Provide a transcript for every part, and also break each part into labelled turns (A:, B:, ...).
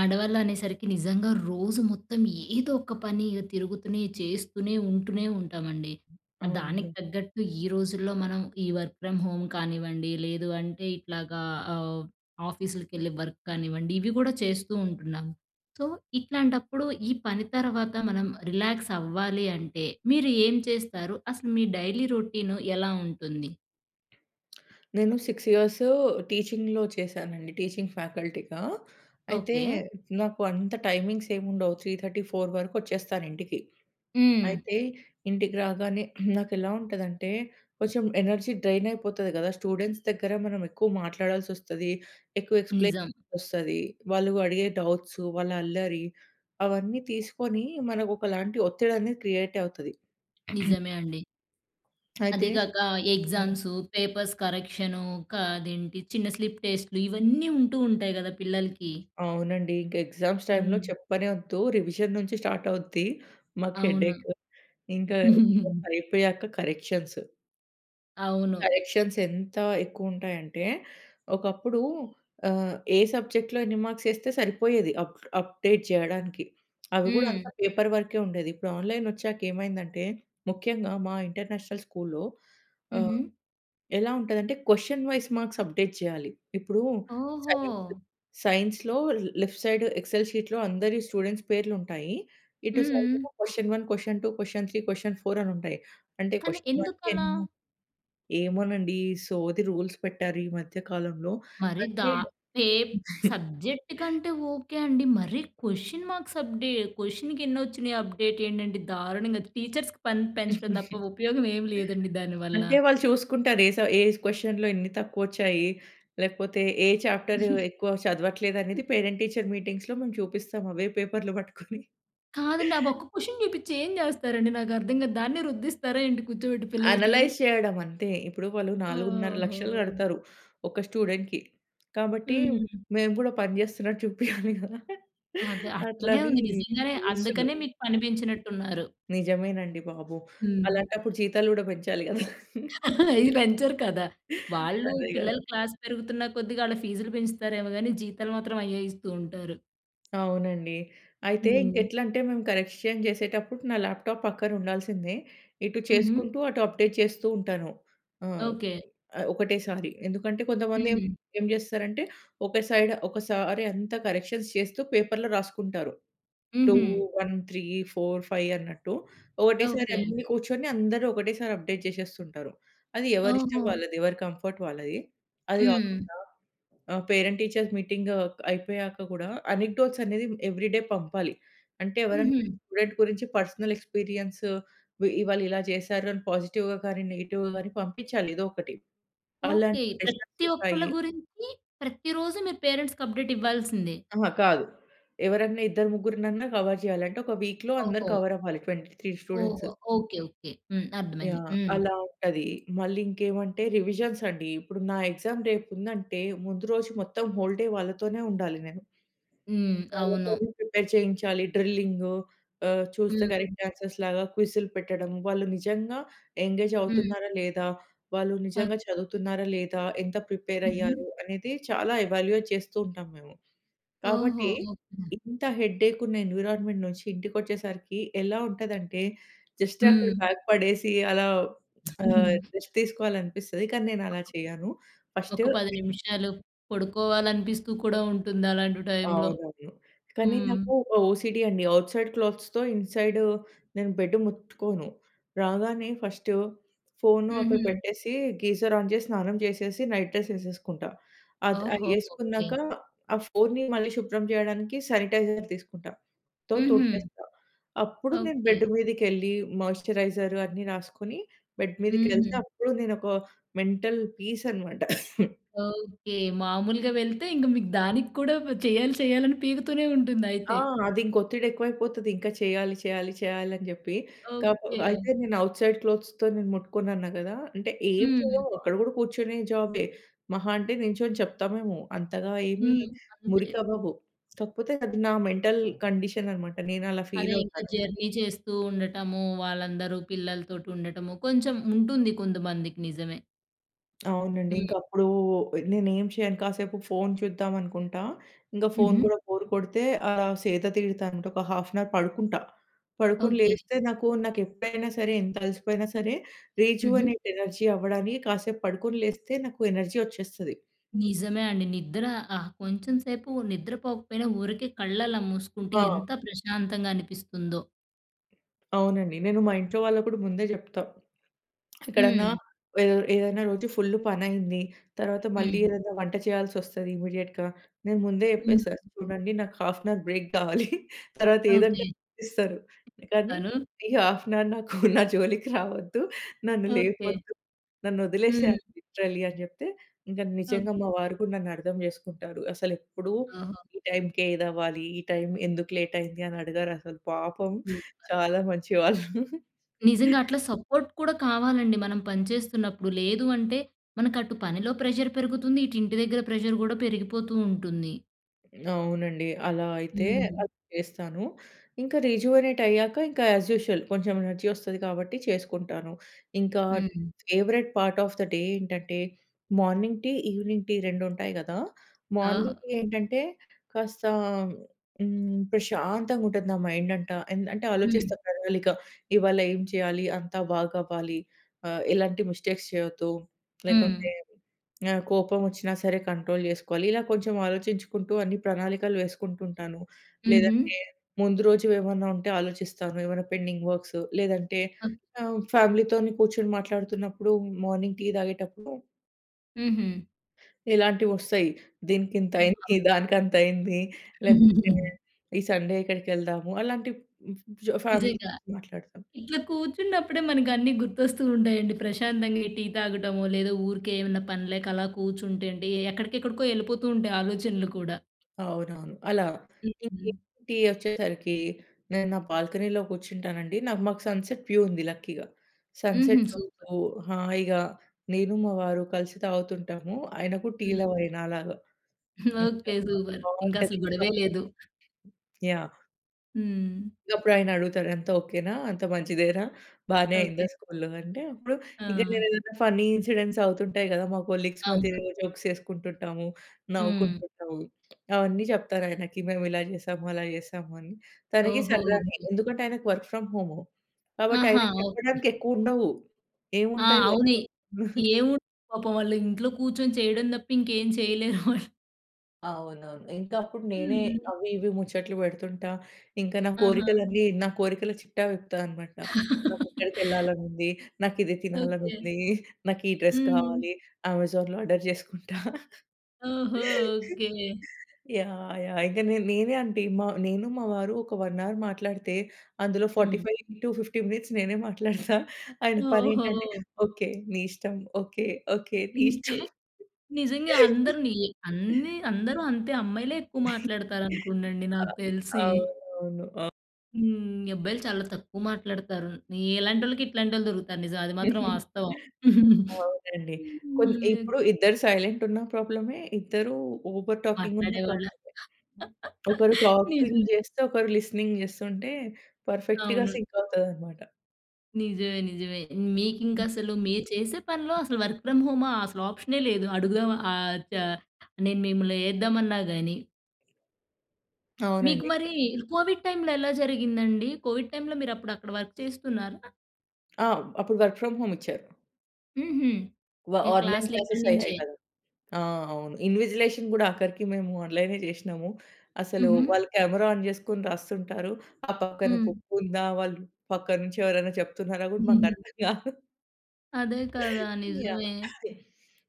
A: ఆడవాళ్ళు అనేసరికి నిజంగా రోజు మొత్తం ఏదో ఒక పని తిరుగుతూనే, చేస్తూనే, ఉంటూనే ఉంటామండి. దానికి
B: అవునండి.
A: తగ్గట్టు ఈ రోజుల్లో మనం, ఈ వర్క్ ఫ్రమ్ హోమ్ కానివ్వండి లేదు అంటే ఇట్లాగా ఆహ్, ఆఫీస్‌లకి వెళ్ళి వర్క్ కానివ్వండి ఇవి కూడా చేస్తూ ఉంటున్నాం. సో, ఇట్లాంటప్పుడు, ఈ పని తర్వాత మనం రిలాక్స్ అవ్వాలి అంటే మీరు ఏం చేస్తారు అసలు మీ డైలీ రొటీన్ ఎలా ఉంటుంది?
B: నేను 6 ఇయర్స్ టీచింగ్‌లో చేశానండి టీచింగ్ ఫ్యాకల్టీగా. అయితే
A: ఓకె.
B: నాకు అంత టైమింగ్స్ ఏముండవ్, 3:30-4:00 వరకొచ్చేస్తాను ఇంటికి.
A: హ్మ్.
B: అయితే ఇంటికి రాగానే నాకెలా ఉంటదంటే, కొంచెం ఎనర్జీ డ్రైన్ అయిపోతుంది గద. స్టూడెంట్స్ దగ్గర మనం ఎక్కువ మాట్లాడాల్సొస్తది. ఎక్కువ ఎక్స్‌ప్లెయిన్
A: నిజం.
B: చేయాల్సి వస్తది. వాళ్ళు అడిగే డౌట్సు, వాళ్ళ అల్లరి అవన్నీ తీసుకొని మనకు ఒకలాంటి ఒత్తిడి అనేది క్రియేట్ అవుతది.
A: నిజమే అండి. అది
B: అయితే.
A: గాక
B: హ్మ్.
A: ఎగ్జామ్సు, పేపర్స్ కరెక్షను, కా అదేంటి చిన్న స్లిప్ టెస్ట్‌లు, ఇవన్నీ ఉంటూ ఉంటాయి కదా పిల్లలకి.
B: అవునండి ఇంక ఎగ్జామ్స్ టైంలో
A: హ్మ్.
B: చెప్పనె ఒద్దు. రివిజన్ నుంచి స్టార్ట్ అవుద్ది. మాకు హెడ్
A: అవును.
B: ఏఖ్, ఇంకా అయిపోయాక కరెక్షన్స్.
A: అవును.
B: కరెక్షన్స్ ఎంత ఎక్కువ ఉంటాయంటే, ఒకప్పుడు ఆహ్, ఏ సబ్జెక్ట్‌లో ఎన్ని మార్క్స్ వేస్తే సరిపోయేది అప్ అప్డేట్ చేయడానికి. అవి కూడా
A: హ్మ్.
B: అంతా పేపర్ వర్క్ ఉండేది ఇప్పుడు ఆన్‌లైన్‌ వచ్చాక ఏమైందంటే, ముఖ్యంగా మా ఇంటర్నేషనల్ స్కూల్‌లో ఆహ్,
A: హుహు.
B: ఎలా ఉంటుందంటే క్వెషన్ వైస్ మార్క్స్ అప్డేట్ చేయాలి. ఇప్పుడు సైన్స్
A: ఓహో!
B: సైన్స్‌లో ల్ లెఫ్ట్ సైడ్ ఎక్సెల్ షీట్‌లో అందరి స్టూడెంట్స్ పేర్లుంటాయి ఇటు సైడ్
A: హ్మ్.
B: క్వెషన్ 1, క్వెషన్ 2, క్వెషన్ 3, క్వెషన్ 4, అనుంటాయి. అంటే
A: కానీ
B: క్వెషన్
A: ఎందుకలా?
B: వన్‌కెన్నో ఏమోనండి ఈ సోది రూల్స్ పెట్టారు. ఈ మధ్య కాలంలో.
A: మరి
B: అంటే
A: దా ఏ సబ్జెక్ట్‌కంటే ఓకె అండి మరి క్వెషన్ మార్క్స్ అప్డే క్వెషన్‌కెన్ని వచ్చినాయి అప్డేట్ ఏంటంటే దారుణంగా టీచర్స్‌కి పని పెంచడం తప్ప ఉపయోగం ఏమి లేదండి దానివల్ల.
B: అంటే వాళ్ళు చూసుకుంటారు. ఏ స ఏ క్వెషన్‌లో ఎన్ని తక్కువొచ్చాయి, లేకపోతే ఏ చాప్టర్ ఎక్కువ చదవట్లేదనేది పేరెంట్ టీచర్ మీటింగ్స్‌లో మేము చూపిస్తాం అవే పేపర్‌లు పట్టుకొని.
A: కాదండి ఆ ఒక్క క్వెషన్ చూపించి ఏం చేస్తారండి నాకు అర్థం గాదు, దాన్ని రుద్దిస్తారా ఏంటి కూర్చోబెట్టి పిల్లలకి?
B: అనలైజ్ చేయడం అంతే! ఇప్పుడు వాళ్ళు 4,50,000
A: ఓహో!
B: కడతారు ఒక స్టూడెంట్‌కి. కాబట్టి
A: హ్మ్.
B: మేము కూడా పని చేస్తున్నట్టు చూపియాలి గదా!
A: అదే అట్లనే
B: అట్లని
A: ఉంది నిజంగానే.
B: ఊసులు.
A: అందుకనే మీకు పని పెంచినట్టున్నారు.
B: నిజమేనండి బాబు.
A: హ్మ్.
B: అలాంటప్పుడు జీతాలు కూడా పెంచాలి గదా!
A: అవి పెంచరు కదా! వాళ్ళు
B: అదే గదా!
A: పిల్లలు క్లాస్ పెరుగుతున్న కొద్దిగా వాళ్ళ ఫీజులు పెంచుతారేమో గానీ జీతాలు మాత్రం అయ్యే ఇస్తూ ఉంటారు.
B: అవునండి. అయితే ఇంక
A: హ్మ్.
B: ఎట్లంటే, మేము కరెక్షన్ చేసేటప్పుడు నా ల్యాప్‌టాప్ పక్కనుండాల్సిందే. ఇటు
A: హుహు.
B: చేసుకుంటూ, అటు అప్‌డేట్ చేస్తూ ఉంటాను. ఆహ్,
A: ఓకే.
B: ఒకటేసారి. ఎందుకంటే, కొంతమంది ఏం
A: హ్మ్.
B: ఏం చేస్తారంటే, ఒక సైడ్ ఒకసారి అంతా కరెక్షన్స్ చేస్తూ, పేపర్‌లో రాసుకుంటారు. టూ,
A: హుహు.
B: వన్, త్రీ, ఫోర్, ఫైవ్ అన్నట్టు. ఒకటేసారి
A: ఓకే.
B: అన్నీ కూర్చొని, అందరూ ఒకటేసారి అప్‌డేట్ చేసేస్తుంటారు. అది ఎవరిష్టం
A: ఓహో!
B: వాళ్ళది. ఎవరి కంఫర్ట్ వాళ్ళది. అది కాకుండా
A: హ్మ్.
B: ఆహ్, పేరెంట్ టీచర్ మీటింగు అయిపోయాక కూడా, అనెక్‌‌‌డోట్స్ అనేవి ఎవ్రీడే పంపాలి. అంటే, ఎవరైనా
A: హుహు.
B: స్టూడెంట్ గురించి పర్సనల్ ఎక్స్‌పీరియన్సు, వి ఇవాళ ఇలా చేసారు అని పాజిటివ్‌గా గాని, నెగెటివ్‌గా గాని పంపించాలి ఎదో ఒకటి.
A: ఓకే.
B: అలాంటి సెష్‌న్స్
A: ప్రతి ఒక్కళ
B: ఉంటాయి.
A: గురించి, ప్రతి రోజు మీ పేరెంట్స్‌కి అప్‌డేట్ ఇవ్వాల్సిందే.
B: అహా! కాదు. ఎవరైనా ఇద్దరు, ముగ్గురునన్నా కవర్ చేయాలి. అంటే, ఒక వీక్‌లో అందరు
A: ఓహో!
B: కవరవ్వాలి. 23 స్టూడెంట్సు.
A: ఓహో! ఓకే. ఓకే. హ్మ్. అర్థమైంది.
B: యాహ్!
A: హ్మ్.
B: అలా ఉంటది. మళ్ళీ ఇంకేమంటే రివిజన్స్ అండీ. ఇప్పుడు నా ఎగ్జామ్ రేపుందంటే, ముందు రోజు మొత్తం హోల్ డే వాళ్ళతోనే ఉండాలి నేను.
A: హ్మ్. అవును.
B: వాళ్ళతోనే ప్రిపేర్ చేయించాలి. డ్రిల్లింగూ ఆహ్, చూస్తే
A: హ్మ్.
B: డైరెక్ట్ ఆన్సర్స్‌లాగా క్విజ్‌లు పెట్టడం. వాళ్ళు నిజంగా ఎంగేజ్
A: హ్మ్.
B: అవుతున్నారా, లేదా వాళ్ళు నిజంగా
A: ఓకే.
B: చదువుతున్నారా, లేదా ఎంత ప్రిపేర్
A: హుహు.
B: అయ్యారు, అనేది చాలా ఎవాల్యుయేట్ చేస్తూ ఉంటాం మేము.
A: ఓహో!
B: కాబట్టి,
A: ఓకే.
B: ఇంత హెడ్‌ఏక్ ఉన్న ఎన్విరాన్మెంట్ నుంచి ఇంటికొచ్చేసరికి ఎలా ఉంటదంటే, జస్ట్ అక్కడ
A: హ్మ్.
B: బ్యాగ్ పడేసి, అలా ఆహ్, రెస్ట్ తీసుకోవాలనిపిస్తది. కానీ, నేను అలా చేయను.
A: ఒక
B: ఫస్టు
A: 10 నిమిషాలు పడుకోవాలనిపిస్తూ కూడా ఉంటుంది. అలాంటి టైమ్‌లో.
B: అవునవును. కానీ,
A: హ్మ్.
B: నాకు ఒక ఓసీడీ అండి. ఔట్‌సైడ్ క్లోత్స్‌తో, ఇన్‌సైడు నేను బెడ్ ముట్టుకోను. రాగానే ఫస్టు ఫోను అక్కడ
A: హుహు.
B: పెట్టేసి, గీజర్ ఆన్ చేసి, స్నానం చేసేసి నైట్ డ్రెస్ ఏసేసుకుంటా. అద్ అది
A: ఓహో! ఓకే.
B: ఏసుకున్నాక ఆ ఫోన్‍ని మళ్ళీ శుభ్రం చేయడానికి శానిటైజర్ తీసుకుంటా. తో
A: హ్మ్, హ్మ్.
B: తుడిచేస్తా. అప్పుడు నేను
A: ఓకే.
B: బెడ్డు మీదికెళ్ళి మాయిశ్చరైజర్ అన్నీ రాసుకొని, బెడ్ మీదకెళ్తే
A: హుహు.
B: అప్పుడు నేను ఒక మెంటల్ పీసనమాట.
A: ఓకే. మామూలుగా వెళ్తే, ఇంక మీకు దానికి కూడా చేయాలి, చేయాలి అని పీకుతూనే
B: ఆ!
A: ఉంటుందైతే.
B: అదింక ఒత్తిడెక్కువైపోతది. ఇంకా చేయాలి, చేయాలి, చేయాలి అని చెప్పి. కాక
A: ఓకే.
B: అయితే నేను ఔట్ సైడ్ క్లోత్స్‌తో నేను ముట్టుకోనన్నా కదా! అంటే ఏం
A: హ్మ్.
B: చేయము. అక్కడ కూడా కూర్చొనే జాబే. మహా అంటే, నిల్చొని చెప్తామేమో! అంతగా ఏమి
A: హ్మ్. అంతే.
B: మురికవ్వవు. కాకపోతే, అది నా మెంటల్ కండిషనన్నమాట. నేను అలా
A: అదే ఇంకా
B: ఫీలవుతాను.
A: జర్నీ చేస్తూ ఉండటము. వాళ్ళందరూ పిల్లలతోటి ఉండటము. కొంచెం ఉంటుంది కొంతమందికి. నిజమే.
B: అవునండి. ఇంక
A: హ్మ్.
B: అప్పుడు నేనేమి చేయను. కాసేపు ఫోన్ చూద్దామనుకుంటా. ఇంకా ఫోన్
A: హుహు.
B: కూడా బోర్ కొడితే ఆహ్, సేద తీరుతా. అంటే ఒక హాఫ్ అన్ అవర్ పడుకుంటా. పడుకొని
A: ఓకే.
B: లేస్తే నాకు నాకు ఎప్పుడైనా సరే ఎంత అలసిపోయినా సరే రోజు
A: హుహు.
B: అనే ఎనర్జీ అవ్వడానికి కాసేపు పడుకొని లేస్తే నాకు ఎనర్జీ వచ్చేస్తది.
A: నిజమే అండి. నిద్ర ఆ! కొంచెం సేపు నిద్రపోకపోయినా ఊరికే కళ్ళలా మూసుకుంటే
B: ఆ!
A: ఎంత ప్రశాంతంగా అనిపిస్తుందో.
B: అవునండి. నేను మా ఇంట్లో వాళ్ళకి కూడా ముందే చెప్తా. ఎక్కడన్నా,
A: హ్మ్.
B: ఏదె ఏదైనా రోజు ఫుల్ పని అయింది. తర్వాత మళ్ళీ
A: హ్మ్.
B: ఏదైనా వంట చేయాల్సి వస్తుది ఇమ్మీడియేట్‌గా. నేను ముందే
A: హ్మ్.
B: చెప్పేస్తా. చూడండి నాకు హాఫ్ అన్ అవర్ బ్రేక్ కావాలి. తర్వాత
A: ఓకే.
B: ఏదంటే చేపిస్తారు. కానీ
A: తను
B: "ఈ హాఫ్ అన్ అవర్ నాకు నా జోలికి రావద్దు. నన్ను
A: ఓకే.
B: లేపొద్దు. నన్ను వదిలేసాయి
A: హ్మ్.
B: లిటరల్లి" అని చెప్తే, ఇంకా నిజంగా మా
A: ఓకే.
B: వారు కూడా నన్ను అర్థం చేసుకుంటారు. అసలు ఎప్పుడు
A: ఓహో!
B: ఈ టైమ్‌కే ఇదవ్వాలి. ఈ టైమ్ ఎందుకు లేట్ అయింది? అని అడిగరసలు. పాపం
A: సూపర్.
B: చాలా మంచివాళ్ళు.
A: నిజంగా అట్లా సపోర్ట్ కూడా కావాలండి. మనం పని చేస్తున్నప్పుడు. లేదు అంటే మనకు అటు పనిలో ప్రెషర్ పెరుగుతుంది. ఇటు ఇంటి దగ్గర ప్రెషర్ కూడా పెరిగిపోతూ ఉంటుంది.
B: అవునండి. అలా అయితే
A: హ్మ్.
B: అలా చేస్తాను. ఇంకా రిజివోనేట్ అయ్యాక ఇంకా యాజ్ యూజువల్ కొంచెం ఎనర్జీ వస్తది కాబట్టి చేసుకుంటాను. ఇంకా
A: హ్మ్.
B: Favourite part of the day ఏంటంటే, మార్నింగ్ టీ, ఈవెనింగ్ టీ 2 ఉంటాయి కదా!
A: ఓహో!
B: మార్నింగ్ టీ ఏంటంటే కాస్త హ్మ్, ప్రశాంతంగా ఉంటది నా మైండ్ అంటా, ఎన్ అంటే ఆలోచిస్తా
A: హ్మ్.
B: ప్రణాళిక. ఇవాళ ఏం చేయాలి, అంతా బాగవ్వాలి ఆహ్, ఎలాంటి మిస్టేక్స్ చేయొద్దు లేకుంటే,
A: హ్మ్.
B: ఆహ్, కోపం వచ్చినా సరే కంట్రోల్ చేసుకోవాలి. ఇలా కొంచెం ఆలోచించుకుంటూ అన్ని ప్రణాళికలు వేసుకుంటూ ఉంటాను.
A: హుహు.
B: లేదంటే ముందు రోజు ఏమన్నా ఉంటే ఆలోచిస్తాను. ఏమన్నా పెండింగ్ వర్క్స్ లేదంటే
A: ఓ
B: ఆహ్, ఫ్యామిలీతోనే కూర్చొని మాట్లాడుతున్నప్పుడు మార్నింగ్ టీ తాగేటప్పుడు
A: హుహు.
B: ఇలాంటివి వస్తాయి. దీనికింత
A: [unintelligible]
B: అయింది, దానికంత అయింది లేకపోతే
A: హూహుహు.
B: ఈ సండే ఎక్కడికెళ్దాము అలాంటి జ్ ఫ్యా ఫ్యామిలీ
A: నిజంగా.
B: గురించి మాట్లాడతాం.
A: ఇట్లా కూర్చున్నప్పుడే మనకన్నీ గుర్తొస్తూ ఉంటాయండి. ప్రశాంతంగా ఈ టీ తాగడమో లేదా ఊరికే ఏమన్నా పనిలేక అలా కూర్చుంటే అండి ఎక్కడికెక్కడికో వెళ్ళిపోతూ ఉంటాయి ఆలోచనలు కూడా.
B: అవునవును. అలా ఇంకా
A: హుహు.
B: టీ అచ్చేసరికి, నేను నా బాల్కనీలో కూర్చుంటానండి. నాకు మాకు సన్‌సెట్ వ్యూ ఉంది లక్కీగా.
A: హుహు.
B: Sunset
A: super.
B: చూస్తూ, హాయిగా నేను, మా వారు కలిసి తాగుతుంటాము. ఆయన కుడా టీ
A: హ్మ్.
B: లవరే నాలాగా ఇంకా
A: ఓకె సూపర్. ఇంకా అసలు
B: బావుంటది ఇంకా.
A: గొడవే లేదు.
B: యహ్!
A: హ్మ్.
B: ఇగ అప్పుడు ఆయన అడుగుతాడు "అంతా ఓకేనా? అంత మంచిదేనా? బానే
A: ఓకే.
B: అయిందా స్కూల్‌లో?" అంటే అప్పుడు ఇంక
A: ఆ!
B: నేను ఏదైనా ఫన్నీ ఇన్సిడెంట్స్ అవుతుంటాయి కదా. మా కొలీగ్స్ మధ్య
A: అవునా?
B: జోక్స్ వేసుకుంటుంటాము,
A: హ్మ్.
B: నవ్వుకుంటుంటాము. అవన్నీ చెప్తాను ఆయనకి. మేము ఇలా చేసాము. అలా చేశాము అని. తనకి
A: ఓహో!
B: సరదానే.
A: ఓకే.
B: ఎందుకంటే, ఆయనకి వర్క్ ఫ్రమ్ హోమ్ కాబట్టి
A: ఆహా!
B: ఆయనకి
A: ఓకే.
B: చెప్పడానికి ఎక్కువ ఉండవు.
A: ఆ!
B: ఏముంటాయి వర్క్.
A: అవుని ఏముంది పాపం వాళ్ళు ఇంట్లో కూర్చొని చేయడం తప్ప ఇంకేం చేయలేరు వాళ్ళు.
B: అవునవును. ఇంకా అప్పుడు నేనే
A: హుహు.
B: అవి ఇవి ముచ్చట్లు పెడుతుంటా. ఇంకా నా
A: ఆహా!
B: కోరికలన్నీ నా కోరికల చిట్టా విప్పుతా అనమాట. నాకు ఎక్కడికి వెళ్ళాలని ఉంది, నాకు ఇది తినాలని
A: ఓకే.
B: ఉంది, నాకు ఈ డ్రెస్
A: హ్మ్.
B: కావాలి, అమెజాన్‍లో ఆర్డర్ చేసుకుంటా.
A: ఓహో! ఓకే.
B: యాహ్! యాహ్! ఇంకా నే నేనే అంట నేను మా వారు ఒక వన్ అవర్ మాట్లాడితే, అందులో ఫార్టీ
A: హ్మ్.
B: ఫైవ్ ఇంటూ 50 మినిట్స్ నేనే మాట్లాడుతా. ఆయన పని ఏంటంటే,
A: ఓహో!
B: ఓకే నీ ఇష్టం. ఓకే. ఓకే. నీ
A: ఇంతే.
B: ఇష్టం.
A: నిజంగా అందరు నియి అన్ని అందరూ అంతే అమ్మాయిలే ఎక్కువ మాట్లాడతారు అనుకోండండి
B: ఆ!
A: నాకు తెలిసి.
B: అవును. అవును. ఆ!
A: హ్మ్. అబ్బాయిలు చాలా తక్కువ మాట్లాడుతారు. ఇలాంటోళ్ళకి ఇట్లాంటోళ్ళు దొరుకుతారు నిజం. అది మాత్రం వాస్తవం.
B: అవునండి. కొన్
A: హ్మ్.
B: ఇప్పుడు ఇద్దరు సైలెంట్ ఉన్న ప్రాబ్లమే. ఇద్దరు ఓవర్‌టాకింగ్ ఉన్న
A: మాట్లాడేవాళ్ళ
B: ప్రాబ్లమే. ఒకరు టాకింగ్
A: నిజమే.
B: చేస్తే ఒకరు లిసెనింగ్ చేస్తుంటే పర్ఫెక్ట్‌గా
A: అవును.
B: సింక్ అవుతదనమాట.
A: నిజమే నిజమే. మీకింక అసలు మీరు చేసే పనిలో అసలు వర్క్ ఫ్రమ్ హోమ్ అసలా ఆప్షనే లేదు. అడుగుదాం ఆహ్, ద నేను మిమ్మల్ని ఏద్దామన్నాగాని. మీకు
B: అవునండి.
A: మరీ కోవిడ్ టైంలో ఎలా జరిగిందండి? కోవిడ్ టైంలో మీరు అప్పుడు అక్కడ వర్క్ చేస్తున్నారా?
B: ఆ! అప్పుడు వర్క్ ఫ్రమ్ హోమ్ ఇచ్చారు.
A: హుహు.
B: వ
A: మీ
B: ఆన్‌లైన్
A: క్లాస్‌లు
B: క్లాస్ అయ్యాయి
A: ఇక్కడ్నించే.
B: కదా! ఆ! అవును. ఇన్విజిలేషన్ కూడా ఆఖరికి మేము ఆన్‌లైనే చేశ్నము. అసలు
A: హుహు.
B: వాళ్ళు కెమెరా ఆన్ చేసుకొని రాస్తుంటారు. ఆ పక్కన
A: హ్మ్.
B: బుక్ ఉందా, వాళ్ళు పక్కన నుంచి ఎవరైనా చెప్తున్నారా కూడా మాకు
A: హుహు.
B: అర్థం కాదు.
A: అదే కదా!
B: యాహ్!
A: నిజమే.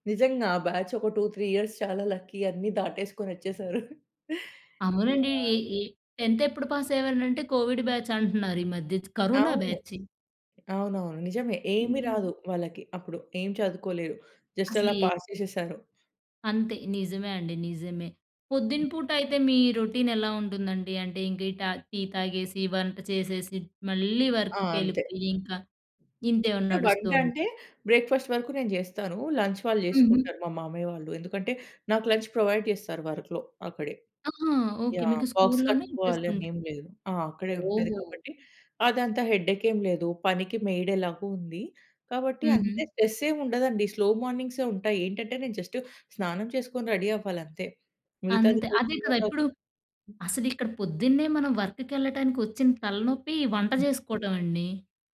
B: నిజంగా ఆ బ్యాచ్ ఒక 2, 3 ఇయర్స్ చాలా లక్కీ. అన్ని దాటేసుకొనొచ్చేసారు.
A: అవునండి. ఈ
B: యాహ్!
A: ఈ 10థ్ ఎప్పుడు పాస్ అయ్యేవారనంటే కోవిడ్ బ్యాచ్ అంటున్నారు ఈ మధ్య కరోనా
B: అవును.
A: బ్యాచి.
B: అవునవును నిజమే. ఏమి
A: హ్మ్.
B: రాదు వాళ్ళకి అప్పుడు ఏం చదువుకోలేదు. జస్ట్ అలా
A: అసలే
B: పాస్ చేసేసారు.
A: అంతే! నిజమే అండి నిజమే. పొద్దున పూట అయితే మీ రొటీన్ ఎలా ఉంటుందండి? అంటే ఇంకా ఈ ట టీ తాగేసి, వంట చేసేసి, మళ్ళీ
B: ఆ! అంతే.
A: వర్క్‌కెళ్ళిపోయి ఇంకా ఇంతే నడుస్తూ
B: వంట అంటే బ్రేక్‌ఫాస్ట్ వరకు నేను చేస్తాను. లంచ్ వాళ్ళు
A: హుహు.
B: చేసుకుంటారు మా మామయ్య వాళ్ళు. ఎందుకంటే, నాకు లంచ్ ప్రొవైడ్ చేస్తారు వర్క్‌లో అక్కడే.
A: ఆహా! ఒకే
B: యాహ్!
A: మీకు
B: బాక్స్
A: స్కూల్‌లోనే
B: కట్టుకోవాలి అని
A: ఇచ్చేస్తుంది.
B: ఏమి లేదు. ఆ! అక్కడే ఉంటది
A: ఓహో!
B: కాబట్టి అదంతా హెడేక్ ఏమి లేదు. పనికి మెయిడేలాగో ఉంది కాబట్టి అంత
A: హుహు.
B: స్ట్రెస్ ఏమి ఉండదండి స్లో మార్నింగ్సే ఉంటాయి. ఏంటంటే, నేను జస్ట్ స్నానం చేసుకొని రెడీ అవ్వాలి అంతే మిగతాది
A: అంతే. అదే కదా! ఇప్పుడు
B: [unintelligible]
A: అసలు ఇక్కడ పొద్దున్నే మనం వర్క్‌కి ఎళ్ళటానికి వచ్చిన తలనొప్పి వంట చేసుకోవటం అండి.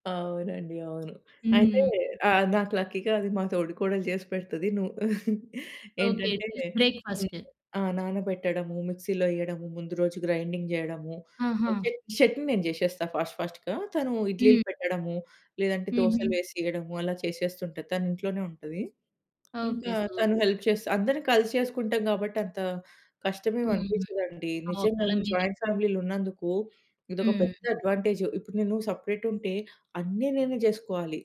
B: అవునండి. అవును. అయితే
A: హ్మ్.
B: ఆ! నాకు లక్కీగా అది మా తోడికోడలు చేసి పెడుతది. నువ్వు
A: ఓకే.
B: ఏంటంటే,
A: బ్రేక్ఫాస్ట్.
B: అ నానబెట్టడము మిక్సీలో ఎయడము ముందు రోజు గ్రైండింగ్ చేయడము
A: ఆహా!
B: చ చట్నీ నేను చేసేస్తా ఫాస్ట్ ఫాస్ట్‌గా. తను
A: హ్మ్.
B: ఇడ్లీలు పెట్టడము, లేదంటే దోసలు
A: హుహు.
B: వేసి ఇయడము అలా చేసేస్తుంటది. తను ఇంట్లోనే ఉంటది.
A: ఓకే.
B: ఇంకా తను
A: సూపర్.
B: హెల్ప్ చేస్తే అందరం కలిసి చేసుకుంటాం కాబట్టి అంత కష్టమేమి
A: హుహు.
B: అనిపించదండి.
A: ఒకళ్ళ
B: నిజంగానే
A: మీదే
B: జాయింట్ ఫ్యామిలీలో ఉన్నందుకు ఇదొక పెద్ద
A: హ్మ్.
B: అడ్వాంటేజ్. ఇప్పుడు నేను సెపరేట్ ఉంటే అన్ని నేనే చేసుకోవాలి.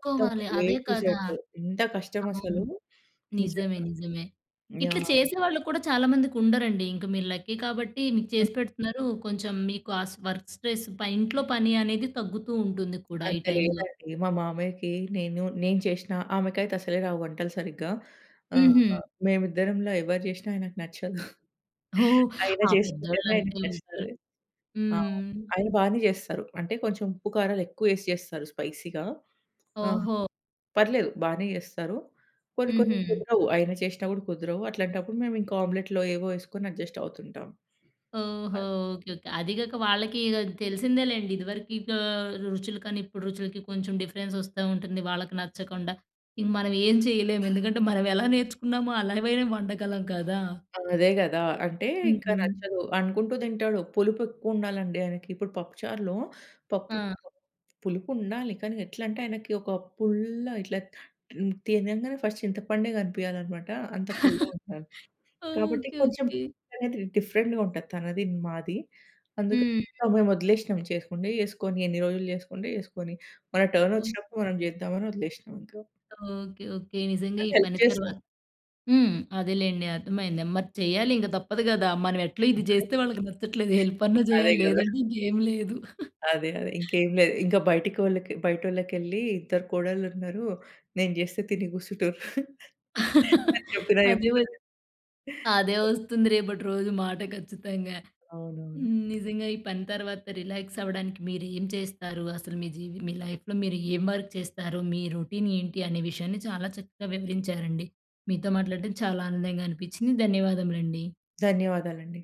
B: మొత్తం ఏ
A: అదే
B: టు
A: కదా!
B: జడ్ ఎంత కష్టం
A: అవును.
B: అసలు
A: నిజమే
B: నిజంగా.
A: నిజమే. ఇట్ల
B: యాహ్!
A: చేసేవాళ్ళు కూడా చాలా మందికి ఉండరండి ఇంక మీరు లక్కీ కాబట్టి మీకు చేసి పెడుతున్నారు. కొంచెం మీకు ఆ వర్క్ స్ట్రెస్ ఇంట్లో పని అనేది తగ్గుతూ ఉంటుంది కూడా ఈ
B: అంత
A: టైమ్‌లో.
B: లేదండి. మా మామయ్యకి నేను, నేను చేసినా ఆమెకైతే అస్సలే రావు వంటలు సరిగ్గా. ఆహ్,
A: హుహు.
B: మేమిద్దరంలో ఎవరు చేసినా ఆయనకు నచ్చదు.
A: ఓహ్!
B: అయినా
A: ఆ పెద్దోళ్ళు
B: చేసుకుంటేనే ఆయనకి
A: అంతే ఉంటారు.
B: నచ్చుతది. ఆ!
A: హ్మ్.
B: ఆయన బానే చేస్తారు. అంటే కొంచెం ఉప్పు కారాలు ఎక్కువ ఎసి చేస్తారు. స్పైసీగా ఆ!
A: ఓహో!
B: పర్లేదు బానే చేస్తారు. కొన్ని కొన్ని
A: హుహు.
B: కుదరవు. ఆయన చేసిన కూడా కుదరవు. అట్లాంటప్పుడు మేము ఇంకా ఆమ్లెట్‌లో ఏవో ఎసుకొని అడ్జస్ట్ అవుతుంటాం.
A: ఓహో!
B: అది.
A: ఓకే. ఓకే. అది కాక వాళ్ళకి తెలిసిందే లెండి. ఇదివరకు ఇక రుచులు కానీ ఇప్పుడు రుచులకి కొంచెం డిఫరెన్స్ వస్తూ ఉంటుంది. వాళ్ళకి నచ్చకుండా ఇక మనం ఏం చేయలేము ఎందుకంటే, మనం ఎలా నేర్చుకున్నామో అలా అయినా వండగలం కదా!
B: అదే కదా! అంటే ఇంకా
A: హుహు.
B: నచ్చదు అనుకుంటూ తింటాడు. పులుపు ఎక్కువ ఉండాలండి ఆయనకి. ఇప్పుడు పప్పు చారులో పప్పు
A: ఆ!
B: పులుపు ఉండాలి కానీ ఎట్లంటే ఆయనకి ఒక పుల్ల ఇట్లా తినంగానే ఫస్ట్ చింతపండే కనిపియాలనమాట. అంత పుల్లగా ఉండాలి కాబట్టి
A: ఓకే.
B: కొంచెం
A: ఓకే.
B: డిఫరెంట్‌గా ఉంటుంది తనది మాది. అందుకని
A: హ్మ్.
B: మేము వదిలేసినాం చేసుకుంటే చేసుకొని ఎన్ని రోజులు చేసుకుంటే చేసుకొని మన టర్న్
A: ఓకే.
B: వచ్చినప్పుడు మనం చేద్దామని వదిలేసినాం ఇంకా.
A: ఓకే. ఓకే. నిజంగా
B: ఆ
A: ఈ
B: హెల్ప్
A: పని
B: చేస్తాం.
A: తర్వాత హ్మ్. అదేలేండి అర్థమైంది మరి చేయాలి ఇంక తప్పదు కదా. మనం ఎట్లో ఇది చేస్తే వాళ్ళకి నచ్చట్లేదు హెల్ప్ అన్నా
B: అదే
A: చేయాలి
B: కదా!
A: లేదంటే ఇంకేం లేదు.
B: అదే అదే ఇంకేమి లేదు. ఇంక బయటకి బయటోళ్ళకి వెళ్లి "ఇద్దరు కోడళ్ళు ఉన్నారు. నేను చేస్తే తిని కుసుంటుర్రు" అని చెప్పినా
A: అదే
B: చెప్తరు.
A: వోచ్ అదే వస్తుంది రేపటి రోజు మాట ఖచ్చితంగా.
B: అవునవును.
A: హ్మ్. నిజంగా ఈ పని తర్వాత రిలాక్స్ అవ్వడానికి మీరు ఏం చేస్తారు? అసలు మీ జీవి మీ లైఫ్‌లో మీరు ఏం వర్క్ చేస్తారు? మీ రొటీన్ ఏంటి, అనే విషయాన్ని చాలా చక్కగా వివరించారండి. మీతో మాట్లాడడం చాలా ఆనందంగా అనిపించింది. ధన్యవాదములండి.
B: ధన్యవాదాలండి.